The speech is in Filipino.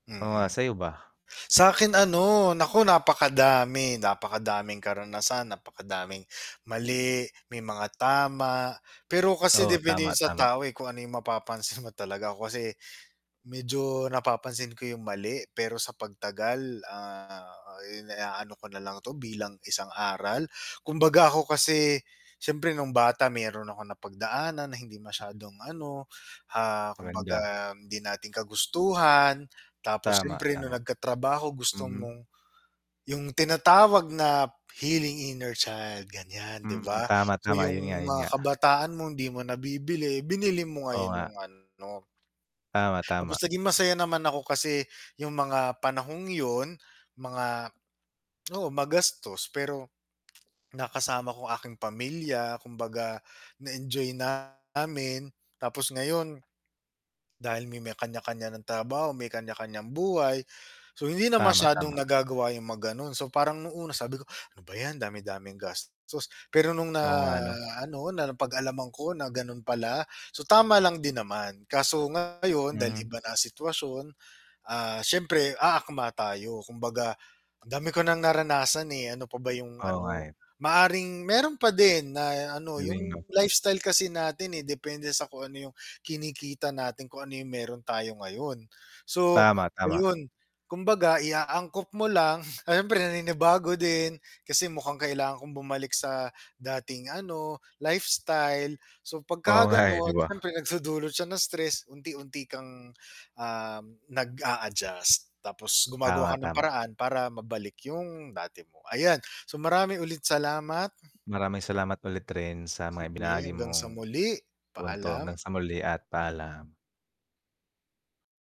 Oo nga, Mm. sa 'yo ba? Sa'kin ano, naku, napakadami, napakadaming karanasan, napakadaming mali, may mga tama. Pero kasi Oo, depende tama, 'yon sa tama. tao, eh, kung ano 'yong mapapansin mo talaga. Ako kasi medyo napapansin ko 'yong mali, pero sa pagtagal, ah, iniaano ko na lang ito bilang isang aral. Kumbaga ako kasi siyempre no'ng bata mayro'n akong napagdaanan na hindi masyadong ano, ah, Maganda. kumbaga hindi natin kagustuhan. Tapos Tama, siyempre no'ng tama. nagkatrabaho gusto Mm. mong 'yong tinatawag na healing inner child, ganiyan, 'di Mm, ba? tama, So, tama, 'yon nga, 'yong 'yon mga nga. kabataan mong 'di mo nabibili, binili mo Oo ngayon nga. no'ng ano. Tama, Tapos tama. naging masaya naman ako kasi 'yong mga panahong 'yon, mga oo, magastos, pero nakasama ko aking pamilya. Kumbaga na-enjoy namin. Tapos ngayon, dahil may may kaniya-kaniya nang trabaho, may kaniya-kaniyang buhay, so hindi na Tama, masyadong tama. nagagawa 'yong mga gano'n. So, parang no'ng una sabi ko, "Ano ba 'yan, dami-daming gastos." Pero no'ng na Oo nga 'no. ano, na napag-alaman ko na gano'n pala, so tama lang din naman. Kaso ngayon dahil Hmm. iba na sitwasyon, ah, siyempre aakma tayo. Kumbaga, ang dami ko nang naranasan, eh, ano pa ba 'yong Oo nga, ano? eh. Maaaring mayro'n pa din na ano, Galing 'no. 'yong lifestyle kasi natin, eh, depende sa kung ano 'yong kinikita natin, kung ano 'yong mayro'n tayo ngayon. So, Tama, tama. ngayon kumbaga iaangkop mo lang, siyempre naninibago din kasi mukhang kailangan kong bumalik sa dating ano, lifestyle. So, Oo 'pagka nga, eh, 'di gano'n, ba? siyempre nagdudulot siya ng stress, unti-unti kang, um, nag-a-adjust. Tapos gumagawa ka Tama, ng tama. paraan para mabalik 'yong dati mo, ayan. So, marami ulit salamat. Maraming salamat ulit rin sa mga Sige, ibinagi hanggang mong sa muli, punto. paalam. Hanggang sa muli at paalam.